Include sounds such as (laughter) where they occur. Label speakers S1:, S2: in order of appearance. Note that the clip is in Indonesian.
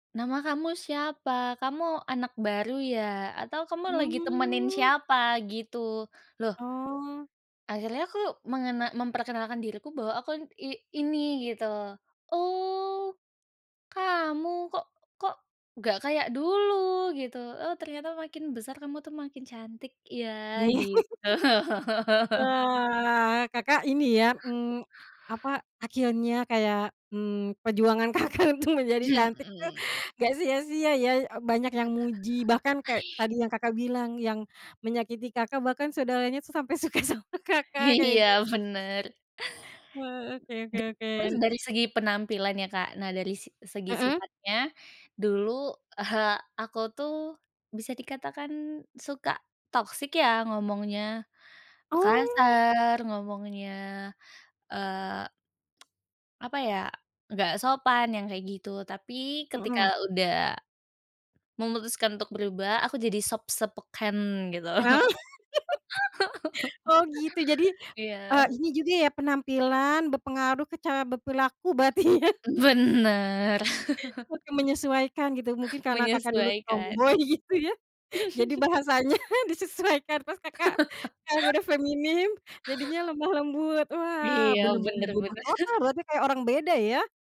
S1: "Nama kamu siapa? Kamu anak baru ya? Atau kamu lagi temenin
S2: Mmm.
S1: siapa?" Gitu. Loh
S2: Oh.
S1: akhirnya aku mengena memperkenalkan diriku, bahwa aku n i ini gitu, "Oh, kamu. Kok kok, gak kayak dulu," gitu, "oh, ternyata makin besar kamu tuh, makin cantik,
S2: Ye
S1: ya." Gitu.
S2: (laughs)
S1: (laughs)
S2: wah, Kakak ini ya, mmm, apa, akhirnya kayak, mmm, perjuangan Kakak untuk menjadi cantik tuh,
S1: Mhm.
S2: gak sia-sia ya, e banyak yang muji, bahkan kek, tadi yang Kakak bilang, yang menyakiti Kakak, bahkan saudaranya tuh, sampai suka sama Kakak, kayak
S1: Iya,
S2: gitu.
S1: bener.
S2: Wah,
S1: De
S2: oke oke oke.
S1: terus
S2: N
S1: dari segi penampilan ya, Kak. Nah dari sig segi
S2: Mmm.
S1: sifatnya, dulu (chuckles) aku tuh, bisa dikatakan suka toxic ya, ngomongnya
S2: Oh.
S1: kasar, ngomongnya, eee, (tsk) apa ya, nggak sopan, yang kayak gitu. Tapi, ketika
S2: Mhm.
S1: udah memutuskan untuk berubah, aku jadi soft spoken gitu.
S2: A (laughs) Oh, gitu. Jadi,
S1: (laughs)
S2: eee,
S1: Iya.
S2: ini juga ya, penampilan berpengaruh ke cara berperilaku, berarti ya.
S1: Bener. (chuckles)
S2: Oke, menyesuaikan gitu, mungkin karena Kakak dulu
S1: Menyesuaikan.
S2: tomboi, gitu, ya. Jadi
S1: (chuckles)
S2: bahasanya disesuaikan, terus Kakak,
S1: (laughs)
S2: sekarang udah feminim, jadinya lemah lembut. Wah,
S1: Iya,
S2: bener-bener
S1: bener
S2: berubah
S1: bener.
S2: total
S1: (chuckles)
S2: berarti, kayak orang beda ya.